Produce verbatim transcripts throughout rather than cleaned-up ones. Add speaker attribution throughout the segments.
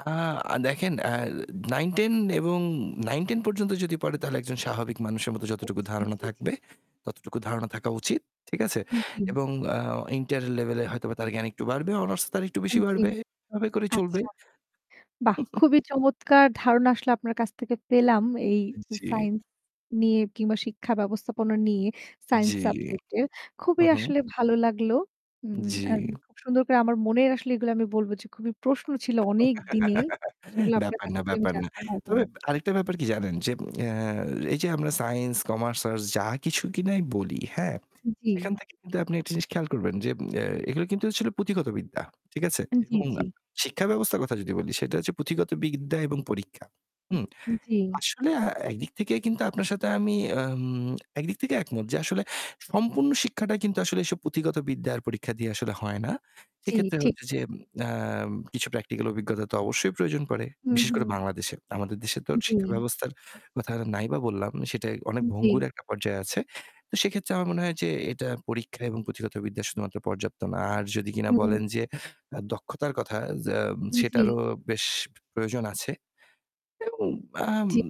Speaker 1: অ্যা দেখেন, অ্যা নাইন-টেন এবং নাইন-টেন পর্যন্ত যদি পড়ে তাহলে একজন স্বাভাবিক মানুষের মতো
Speaker 2: আ
Speaker 1: যতটুকু
Speaker 2: জি,
Speaker 1: ধারণা
Speaker 2: জি, জি।
Speaker 1: থাকবে, ততটুকু ধারণা থাকা উচিত। ঠিক আছে?
Speaker 2: জ্বী।
Speaker 1: এবং অ্যা ইন্টার লেভেলে হয়তো তার জ্ঞান একটু বাড়বে; অনার্স তার একটু বেশি
Speaker 2: হ্যাঁ, জ্বী।
Speaker 1: বাড়বে এভাবে করে চলবে।
Speaker 2: আচ্ছা। বাহ! খুবই চমৎকার! ধারণা আসলে আপনার কাছ থেকে পেলাম এই
Speaker 1: জ্বি।
Speaker 2: সাইন্স নিয়ে কিংবা শিক্ষা ব্যাবস্থাপনা নিয়ে সাইন্স
Speaker 1: জ্বি,
Speaker 2: সাবজেক্টে
Speaker 1: হু,
Speaker 2: খুবই
Speaker 1: হু।
Speaker 2: আসলে ভালো লাগলো। উম
Speaker 1: জ্বি।
Speaker 2: আর খুব সুন্দর করে আমার মনের আসলে এগুলো আমি বলবো যে খুবই প্রশ্ন ছিল অনেক দিনের। সেগুলো আপনার
Speaker 1: ব্যাপার
Speaker 2: কাছ
Speaker 1: না,
Speaker 2: থেকে আমি
Speaker 1: ব্যাপার না।
Speaker 2: জানতে পারলাম।
Speaker 1: তবে আরেকটা ব্যাপার কি জানেন যে, অ্যা এই যে আমরা সাইন্স, কমার্স, আর্টস যা কিছু কিনা বলি, হ্যাঁ,
Speaker 2: জ্বী।
Speaker 1: সেখান থেকে আপনি একটা জিনিস খেয়াল করবেন যে অ্যা.. এগুলো কিন্তু আসলে পুঁথিগত বিদ্যা। ঠিক আছে
Speaker 2: জ্বী,
Speaker 1: এবং
Speaker 2: জ্বী।
Speaker 1: শিক্ষা ব্যবস্থার কথা যদি বলি সেটা হচ্ছে পুঁথিগত বিদ্যা এবং পরীক্ষা। হুম,
Speaker 2: জ্বী।
Speaker 1: আসলে একদিক থেকে কিন্তু আপনার সাথে আমি আম একদিক থেকে একমত যে আসলে সম্পূর্ণ শিক্ষা শিক্ষাটা কিন্তু আসলে এসব পুঁথিগত বিদ্যার পরীক্ষা দিয়ে আসলে হয় না।
Speaker 2: জ্বি,
Speaker 1: সেক্ষেত্রে
Speaker 2: ঠিক।
Speaker 1: হচ্ছে যে আ কিছু প্র্যাকটিক্যাল অভিজ্ঞতা তো অবশ্যই প্রয়োজন পড়ে।
Speaker 2: হুম,
Speaker 1: বিশেষ করে
Speaker 2: হুম।
Speaker 1: বাংলাদেশে। আমাদের দেশে তো শিক্ষা
Speaker 2: জ্বী।
Speaker 1: ব্যবস্থার কথা নাই বা বললাম। সেটা অনেক ভঙ্গুর
Speaker 2: জ্বী।
Speaker 1: একটা পর্যায়ে আছে। সেক্ষেত্রে আমার মনে হয় যে এটা পরীক্ষা এবং পুঁথিগত বিদ্যা শুধুমাত্র পর্যাপ্ত না। আর যদি কিনা
Speaker 2: হুম।
Speaker 1: বলেন যে, আ দক্ষতার কথা;
Speaker 2: জ্বী।
Speaker 1: সেটারও বেশ প্রয়োজন আছে। উম আম
Speaker 2: জ্বি।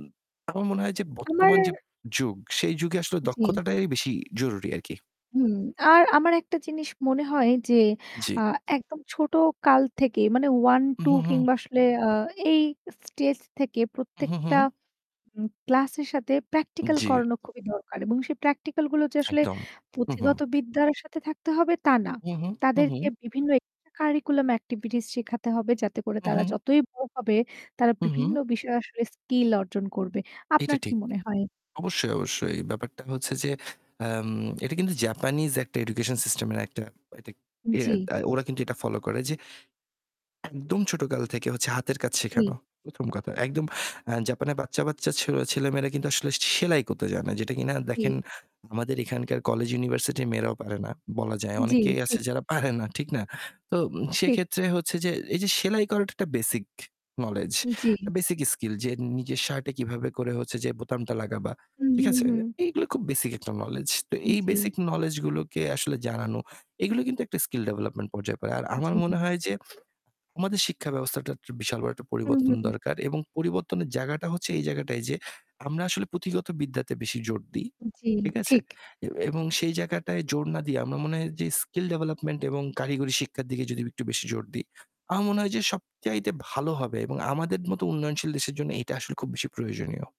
Speaker 1: আমার মনে হয় যে বর্তমান
Speaker 2: আমার
Speaker 1: যে যুগ; সেই যুগে আসলে
Speaker 2: ঠিক।
Speaker 1: দক্ষতাটাই বেশি জরুরি আরকি।
Speaker 2: হুম আর আমার একটা জিনিস মনে হয় যে,
Speaker 1: জ্বি।
Speaker 2: আ একদম ছোট কাল থেকে মানে
Speaker 1: উ
Speaker 2: ওয়ান-টু
Speaker 1: হু, হু।
Speaker 2: কিংবা আসলে অ্যা.. এই স্টেজ থেকে
Speaker 1: উ হুঁ,
Speaker 2: প্রত্যেকটা
Speaker 1: হুঁ।
Speaker 2: ক্লাস এর সাথে প্র্যাকটিক্যাল
Speaker 1: জ্বি।
Speaker 2: করানো খুবই দরকার। এবং সেই প্র্যাকটিক্যাল গুলো যে আসলে
Speaker 1: একদম হু, হু।
Speaker 2: পুথিগত বিদ্যার সাথে থাকতে হবে তা না।
Speaker 1: হু, হু, হু,
Speaker 2: তাদেরকে
Speaker 1: হু।
Speaker 2: বিভিন্ন এক্সট্রা কারিকুলাম অ্যাক্টিভিটিস শেখাতে হবে যাতে করে তারা
Speaker 1: উহু।
Speaker 2: যতই বড় হবে তারা
Speaker 1: উ
Speaker 2: বিভিন্ন
Speaker 1: হু।
Speaker 2: বিষয়ে আসলে স্কিল অর্জন করবে।
Speaker 1: এটা
Speaker 2: আপনার কি
Speaker 1: ঠিক।
Speaker 2: মনে হয়?
Speaker 1: অবশ্যই, অবশ্যই। ব্যাপারটা হচ্ছে যে, অ্যাঁম এটা কিন্তু জাপানিজ একটা এডুকেশন সিস্টেম এর একটা
Speaker 2: জ্বি।
Speaker 1: ওরা কিন্তু এটা ফলো করে যে, একদম ছোটকাল থেকে হাতের কাজ
Speaker 2: জ্বি।
Speaker 1: শেখানো। প্রথম কথা। একদম জাপানের বাচ্চা বাচ্চা ছেলেমেয়েরা কিন্তু আসলে সেলাই করতে যায় না। যেটা কিনা
Speaker 2: হুম।
Speaker 1: দেখেন আমাদের এখানকার কলেজ ইউনিভার্সিটির মেয়েরাও পারে না। বলা যায়।
Speaker 2: জ্বী,
Speaker 1: অনেকেই আছে
Speaker 2: ঠিক।
Speaker 1: যারা পারেনা। ঠিক না? তো
Speaker 2: ঠিক।
Speaker 1: সেক্ষেত্রে হচ্ছে যে, এই যে সেলাই করাটা একটা বেসিক নোলেজ,
Speaker 2: জ্বী।
Speaker 1: Basic skill. যে নিজের শার্টে কিভাবে করে হচ্ছে যে বোতামটা লাগাবা।
Speaker 2: হম,
Speaker 1: ঠিক
Speaker 2: হম,
Speaker 1: আছে?
Speaker 2: হম।
Speaker 1: এগুলো খুব বেসিক একটা নোলেজ।
Speaker 2: আন
Speaker 1: এই
Speaker 2: জ্বী।
Speaker 1: বেসিক নোলেজ গুলোকে আসলে জানানো; এগুলো কিন্তু একটা স্কিল ডেভেলপমেন্ট পর্যায়ে পড়ে। আর আমার
Speaker 2: জি।
Speaker 1: মনে হয় যে, আমাদের শিক্ষা ব্যবস্থাটা বিশাল বড় একটা
Speaker 2: হু,
Speaker 1: পরিবর্তন
Speaker 2: হু।
Speaker 1: দরকার। এবং পরিবর্তনের জায়গাটা হচ্ছে এই জায়গাটাই যে, আমরা আসলে পুঁথিগত বিদ্যাতে বেশি জোর দিই।
Speaker 2: জ্বী,
Speaker 1: ঠিক আছে?
Speaker 2: ঠিক।
Speaker 1: এবং সেই জায়গাটায় জোর না দিয়ে আমার মনে হয় যে স্কিল ডেভেলপমেন্ট এবং কারিগরি শিক্ষার দিকে যদি একটু বেশি জোর দিই। আমার মনে হয় যে সবচাইতে ভালো হবে এবং আমাদের মত উন্নয়নশীল দেশের জন্য এটা আসলে খুব বেশি প্রয়োজনীয়।